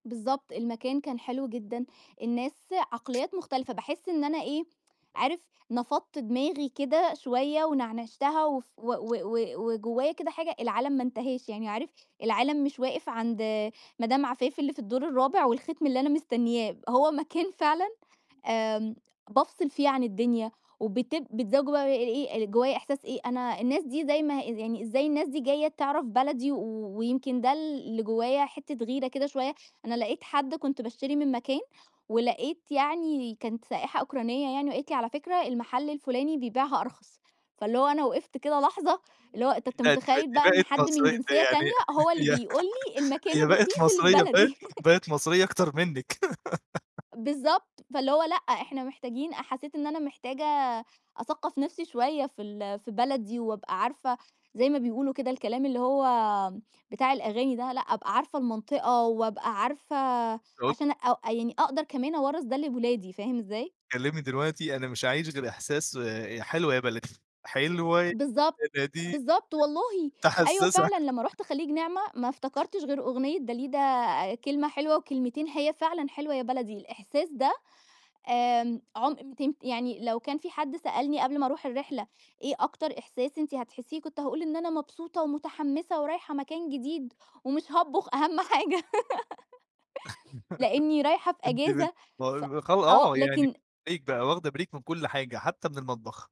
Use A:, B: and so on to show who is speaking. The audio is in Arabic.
A: بالضبط. المكان كان حلو جدًا، الناس عقليّات مختلِفة، باحس إن أنا إيه، عارف نفَضت دماغي كده شوية، ونعنِشتها وف و و و وجوّايا كده حاجة، العالم ما انتهاش، يعني عارف العالم مش واقف عند مدام عفاف اللي في الدور الرابع والخِتم اللي أنا مستنيّاه، هو مكان فعلًا آمم، بافصِل فيه عن الدنيا وبت [unintelligible] بقى إيه، جوايا إحساس إيه، أنا الناس دي زي ما يعني، إزاي الناس دي جاية تعرَف بلدي و ويمكن ده اللي جوايا حِتّة غِيرة كده شوية، أنا لقيت حد كنت باشتري من مكان، ولقيت يعني كانت سائحة أوكرانية يعني وقالت لي: "على فكرة المحَل الفلاني بيبيعها أرخص." فاللي هو أنا وقِفت كده لحظة، اللي هو أنت أنت
B: لا دي
A: متخيّل
B: بقِت دي
A: بقى إن
B: بقِت
A: حد من
B: مصرية
A: جنسيّة
B: يعني
A: تانية هو اللي
B: يعني
A: بيقول لي المكان
B: هي بقِت
A: الرخيص اللي في
B: مصرية بقِت
A: بلدي
B: بقِت مصرية أكتر منِّك
A: بالضبط. فاللي هو لأ، إحنا محتاجين أ حسّيت إن أنا محتاجة أثقّف نفْسي شوية في ال في بلدي، وأبقى عارفة زي ما بيقولوا كده الكلام اللي هو بتاع الأغاني ده، لأ أبقى عارفة المنطقة، وأبقى عارفة
B: [unintelligible]
A: عشان أ يعني أقدَر كمان أورّث ده لولادي، فاهم إزاي؟
B: كلمني دلوقتي، أنا مش هاعيش غير إحساس آآ حلوة يا بلدي حلوة يا
A: بالضبط.
B: بلدي
A: بالضبط والله، أيوه
B: تحسس
A: فعلًا، لمّا
B: [unintelligible]
A: رُحت خليج نعمة ما افتكرتش غير أغنية داليدا، كلمة حلوة وكلمتين، هي فعلًا حلوة يا بلدي، الإحساس ده آمم، عُم تن يعني لو كان في حد سألني قبْل ما أرُوح الرحلة، إيه أكتر إحساس أنت هتحسّيه، كنت هاقول إن أنا مبسوطة ومتحمّسة ورايحة مكان جديد ومش هاطبُخ أهم حاجة لأني رايحة في
B: أنت بت
A: إجازة ف
B: ماهو [unintelligible]
A: آه
B: آه يعني،
A: لكن
B: بريك بقى واخدة بريك من كل حاجة حتى من المطبخ.